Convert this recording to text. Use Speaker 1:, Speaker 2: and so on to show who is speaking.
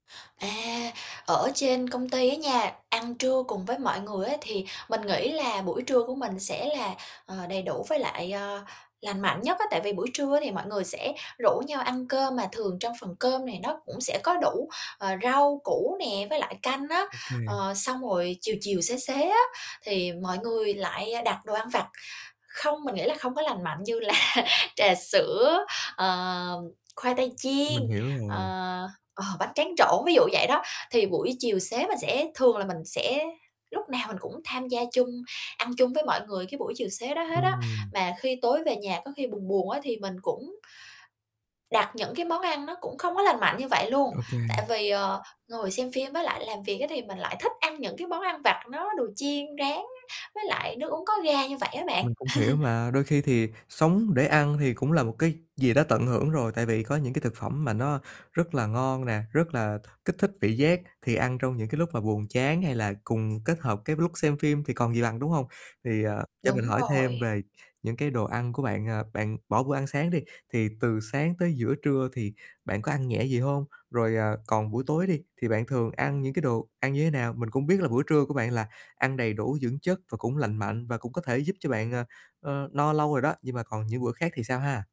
Speaker 1: À, ở trên công ty á nha, ăn trưa cùng với mọi người á thì mình nghĩ là buổi trưa của mình sẽ là, ờ, đầy đủ với lại, ờ, lành mạnh nhất á. Tại vì buổi trưa thì mọi người sẽ rủ nhau ăn cơm mà thường trong phần cơm này nó cũng sẽ có đủ, ờ, rau củ nè, với lại canh á.
Speaker 2: Ô kê.
Speaker 1: Ờ, xong rồi chiều chiều, xế xế á thì mọi người lại, a, đặt đồ ăn vặt. Không, mình nghĩ là không có lành mạnh, như là trà sữa, ờ, khoai tây chiên,
Speaker 2: Mình hiểu
Speaker 1: ờ,
Speaker 2: rồi.
Speaker 1: ờ, bánh tráng trộn, ví dụ vậy đó. Thì buổi chiều xế mình sẽ thường là mình sẽ lúc nào mình cũng tham gia chung, ăn chung với mọi người cái buổi chiều xế đó hết á.
Speaker 2: Ừm.
Speaker 1: Mà khi tối về nhà có khi buồn buồn á thì mình cũng đặt những cái món ăn nó cũng không có lành mạnh như vậy luôn,
Speaker 2: Ô kê.
Speaker 1: tại vì, ờ, ngồi xem phim với lại làm việc á thì mình lại thích ăn những cái món ăn vặt nó đồ chiên rán, với lại nước uống có ga như vậy á bạn.
Speaker 2: Mình cũng hiểu mà. Đôi khi thì sống để ăn thì cũng là một cái gì đó tận hưởng rồi, tại vì có những cái thực phẩm mà nó rất là ngon nè, rất là kích thích vị giác, thì ăn trong những cái lúc mà buồn chán hay là cùng kết hợp cái lúc xem phim thì còn gì bằng, đúng hông? Thì, ờ, cho mình
Speaker 1: Đúng
Speaker 2: hỏi thêm
Speaker 1: rồi.
Speaker 2: về những cái đồ ăn của bạn, à, bạn bỏ bữa ăn sáng đi thì từ sáng tới giữa trưa thì bạn có ăn nhẹ gì hông? Rồi, ờ, còn buổi tối đi thì bạn thường ăn những cái đồ ăn như thế nào? Mình cũng biết là bữa trưa của bạn là ăn đầy đủ dưỡng chất và cũng lành mạnh, và cũng có thể giúp cho bạn, à, ờ, no lâu rồi đó. Nhưng mà còn những bữa khác thì sao ha?